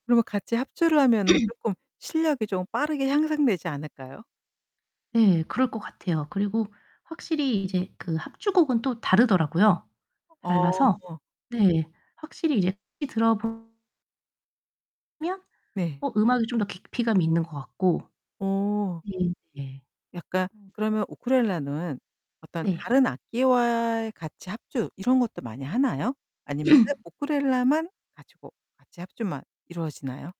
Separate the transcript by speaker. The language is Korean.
Speaker 1: 그러면 같이 합주를 하면은 쪼끔 실력이 좀 빠르게 향상되지 않을까요?
Speaker 2: 네 그럴 것 같아요. 그리고 확실히 이제 그 합주곡은 또 다르더라고요.
Speaker 1: 어.
Speaker 2: 달라서 네 확실히 이제 [unintelligible] 들어보 면
Speaker 1: 네.
Speaker 2: 어 음악이 좀 더 깊이감이 있는 것 같고.
Speaker 1: 어.
Speaker 2: 네 네.
Speaker 1: 약간
Speaker 2: 어.
Speaker 1: 그러면 우크렐레는 어떤
Speaker 2: 네.
Speaker 1: 다른 악기와 같이 합주 이런 것도 많이 하나요? 아니면 쎄 우크렐레만 가지고 같이 합주만 이루어지나요?